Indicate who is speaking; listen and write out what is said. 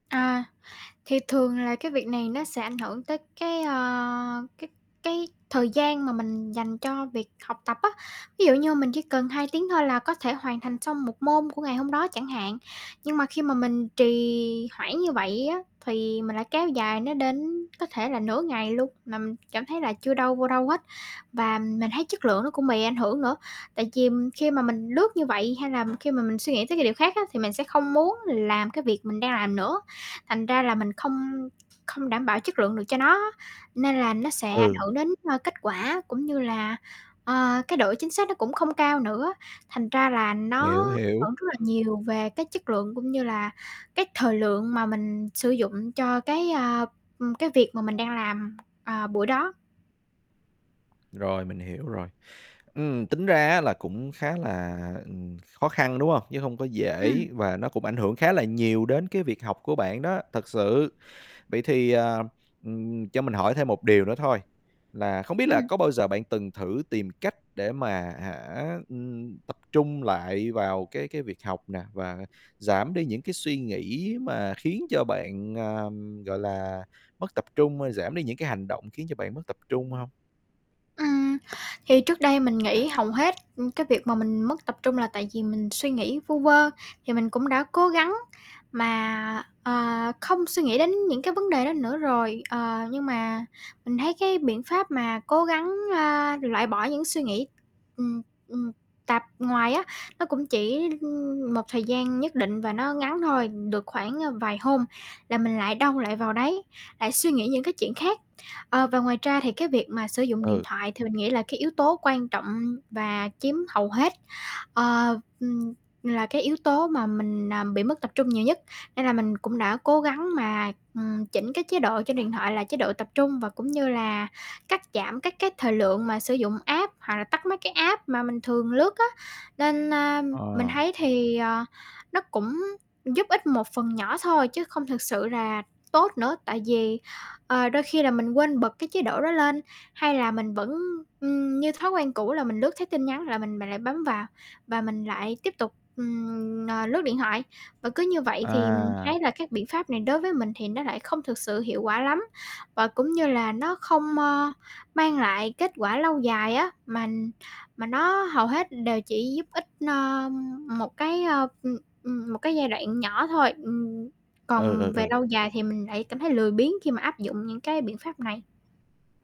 Speaker 1: À, thì thường là cái việc này nó sẽ ảnh hưởng tới cái, ờ, cái cái thời gian mà mình dành cho việc học tập á. Ví dụ như mình chỉ cần 2 tiếng thôi là có thể hoàn thành xong một môn của ngày hôm đó chẳng hạn. Nhưng mà khi mà mình trì hoãn như vậy á, thì mình lại kéo dài nó đến, có thể là nửa ngày luôn, mà mình cảm thấy là chưa đâu vô đâu hết. Và mình thấy chất lượng nó cũng bị ảnh hưởng nữa. Tại vì khi mà mình lướt như vậy hay là khi mà mình suy nghĩ tới cái điều khác á, thì mình sẽ không muốn làm cái việc mình đang làm nữa. Thành ra là mình không không đảm bảo chất lượng được cho nó á. Nên là nó sẽ ảnh
Speaker 2: Ừ.
Speaker 1: hưởng đến kết quả cũng như là, ờ, cái độ chính xác nó cũng không cao nữa. Thành ra là
Speaker 2: Hiểu,
Speaker 1: nó
Speaker 2: hiểu.
Speaker 1: hưởng rất là nhiều về cái chất lượng cũng như là cái thời lượng mà mình sử dụng cho cái, a, ưm, cái việc mà mình đang làm, à, buổi đó.
Speaker 2: Rồi, mình hiểu rồi. Ừm, tính ra á là cũng khá là, ừm, khó khăn, đúng hông? Chứ hông có
Speaker 1: Ừm.
Speaker 2: dễ và nó cũng ảnh hưởng khá là nhiều đến cái việc học của bạn đó, thật sự. Vậy thì, à, ừm, cho mình hỏi thêm một điều nữa thôi, là không biết là
Speaker 1: Ừm.
Speaker 2: có bao giờ bạn từng thử tìm cách để mà, hả, ừm, tập trung lại vào cái cái việc học nè, và giảm đi những cái suy nghĩ mà khiến cho bạn, à, gọi là, mất tập trung, ơ, giảm đi những cái hành động khiến cho bạn mất tập trung hông?
Speaker 1: Ừm, thì trước đây mình nghĩ hầu hết, ư, cái việc mà mình mất tập trung là tại vì mình suy nghĩ vu vơ. Thì mình cũng đã cố gắng mà, ờ, không suy nghĩ đến những cái vấn đề đó nữa rồi, ờ, nhưng mà mình thấy cái biện pháp mà cố gắng, ơ, loại bỏ những suy nghĩ, ừm, ừm, tạp ngoài á, nó cũng chỉ, ưm, một thời gian nhất định và nó ngắn thôi. Được khoảng vài hôm là mình lại đâu lại vào đấy, lại suy nghĩ những cái chuyện khác. Ờ, và ngoài ra thì cái việc mà sử dụng điện
Speaker 2: Ừ.
Speaker 1: thoại thì mình nghĩ là cái yếu tố quan trọng và chiếm hầu hết, ơ, ừm, là cái yếu tố mà mình, à, bị mất tập trung nhiều nhất. Nên là mình cũng đã cố gắng mà, ừm, chỉnh cái chế độ trên điện thoại là chế độ tập trung, và cũng như là cắt giảm các cái thời lượng mà sử dụng app hoặc là tắt mấy cái app mà mình thường lướt á. Nên, a, mình
Speaker 2: Ờ.
Speaker 1: thấy thì, ờ, nó cũng giúp ích một phần nhỏ thôi chứ không thực sự là tốt nữa. Tại vì, ờ, đôi khi là mình quên bật cái chế độ đó lên, hay là mình vẫn, ưm, như thói quen cũ là mình lướt thấy tin nhắn là mình mình lại bấm vào và mình lại tiếp tục, ừm, ờ, lướt điện thoại. Và cứ như vậy thì mình
Speaker 2: À.
Speaker 1: thấy là các biện pháp này đối với mình thì nó lại không thực sự hiệu quả lắm. Và cũng như là nó không, ơ, mang lại kết quả lâu dài á. Mà mà nó hầu hết đều chỉ giúp ích, ơ, ưm, một cái, ơ, ừm, ừm, một cái giai đoạn nhỏ thôi. Ừm,
Speaker 2: Ừ, ừ,
Speaker 1: còn về lâu
Speaker 2: ừ.
Speaker 1: dài thì mình lại cảm thấy lười biếng khi mà áp dụng những cái biện pháp này.